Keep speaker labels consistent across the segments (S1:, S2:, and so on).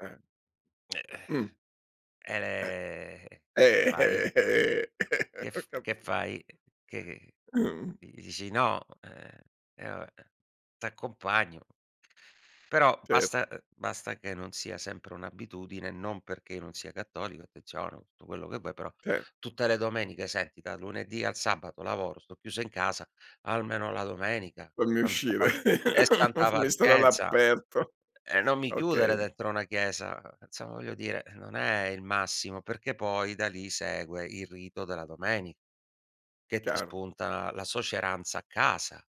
S1: Eh.
S2: Eh.
S1: Mh. Eh.
S2: Ehm, [unintelligible]
S1: Eh,
S2: fai?
S1: eh, eh,
S2: Che
S1: ho
S2: f che
S1: capito.
S2: fai? Che che
S1: Mh.
S2: di dici no? Eh, eh va beh, t'accompagno. Però
S1: Cer
S2: basta, uhm, basta che non sia sempre un'abitudine, non perché io non sia cattolico, attenzione, tutto quello che vuoi, però
S1: Cer
S2: tutte le domeniche senti dal lunedì al sabato lavoro, sto chiuso in casa, almeno la domenica.
S1: Fammi
S2: Santa
S1: uscire,
S2: pa e santa
S1: fammi stare
S2: pazienza!
S1: all'aperto.
S2: E non mi chiudere
S1: Okay.
S2: dentro una chiesa. Insomma, voglio dire, non è il massimo, perché poi da lì segue il rito della domeni che ti
S1: Chiaro.
S2: spunta la suoceranza a casa,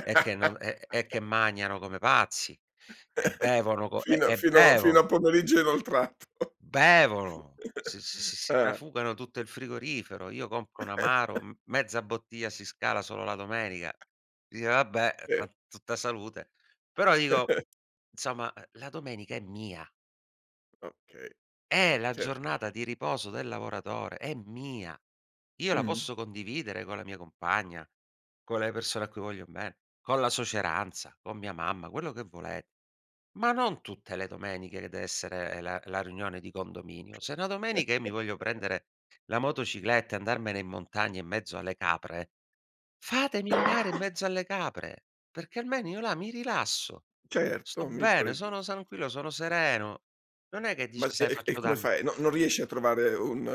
S2: e che non e e che magnano come pazzi, e bevono co e
S1: Fino
S2: e
S1: fino fino
S2: bevono.
S1: a pomeriggio inoltrato.
S2: Bevono, si si si si
S1: Ah.
S2: trafugano tutto il frigorifero. Io compro un amaro, mezza bottiglia si scala solo la domenica. Dice: "Vabbè,
S1: Eh.
S2: [unintelligible] tutta salute". Però dico insomma ehm, la domenica è mia.
S1: Okay,
S2: È
S1: è
S2: la
S1: cer
S2: giornata di riposo del lavoratore, è mia. Io la
S1: Mh.
S2: posso condividere con la mia compagna, con le persone a cui voglio be con la suoceranza, con mia mamma, quello che volete. Ma non tutte le domeniche, che dev'essere la la riunione di condominio. Se una domenica io mi voglio prendere, la motocicletta e andarmene in montagna in mezzo alle capre, fatemi andare in mezzo alle capre, perché almeno io là
S1: Mh.
S2: mi rilasso, sto
S1: Certo mi
S2: bene,
S1: pare
S2: sono
S1: gius
S2: tranquillo, sono sereno. Non è che
S1: Ma
S2: dici: "Sai
S1: e e
S2: faccio
S1: come
S2: danni".
S1: fai? Non non riesce a trovare un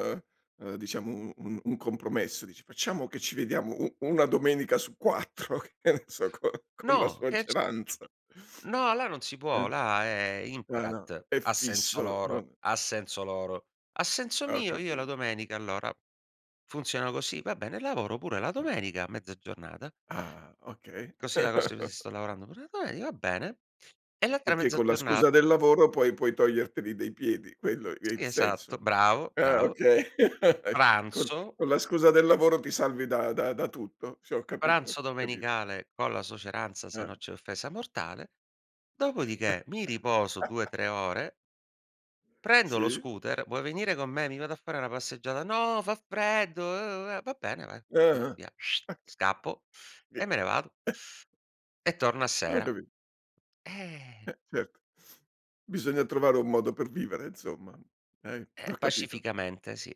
S1: uhm, diciamo un un un compromesso? Dice: "Facciamo che ci vediamo u una domenica su 4". Che ne so? Co con la
S2: No, che c
S1: suoceranza.
S2: n no, là non si
S1: Eh.
S2: può. Là è
S1: Ah, no,
S2: imperat,
S1: è
S2: a senso
S1: fisso,
S2: loro,
S1: non
S2: a senso loro. A senso
S1: Ah, ho
S2: mio, io la
S1: capito.
S2: domenica allora funziona così. Va bene, lavoro pure la domenica mezza giornata.
S1: Ah, okay.
S2: Così la [unintelligible] sto lavorando pure la domenica, va bene. E l'altra
S1: Perché
S2: mezza
S1: con la scusa
S2: giornata
S1: del lavoro poi puoi toglierteli dai piedi, quello è il
S2: Sì,
S1: senso.
S2: esatto, bravo,
S1: Ah,
S2: bravo.
S1: okay. Con
S2: Pranzo
S1: con la scusa del lavoro, ti salvi da da da tutto. Sì, ho capito,
S2: Pranzo
S1: capi
S2: domenicale con la suoceranza, se
S1: Ah.
S2: no c'è offesa mortale. Dopodiché mi riposo due tre ore prendo lo
S1: Sì.
S2: scooter: "Vuoi venire con me? Mi vado a fare una passeggiata". "No, fa freddo, uhm, eh". "Va bene, va".
S1: Eh,
S2: Vi
S1: uhm,
S2: via
S1: ah.
S2: scappo
S1: Eh.
S2: e me ne vado e torno a
S1: Ho
S2: sera.
S1: capi
S2: Eh.
S1: Eh certo. Bisogna trovare un modo per vivere insomma. Eh,
S2: Eh,
S1: ho capito.
S2: pacificamente sì.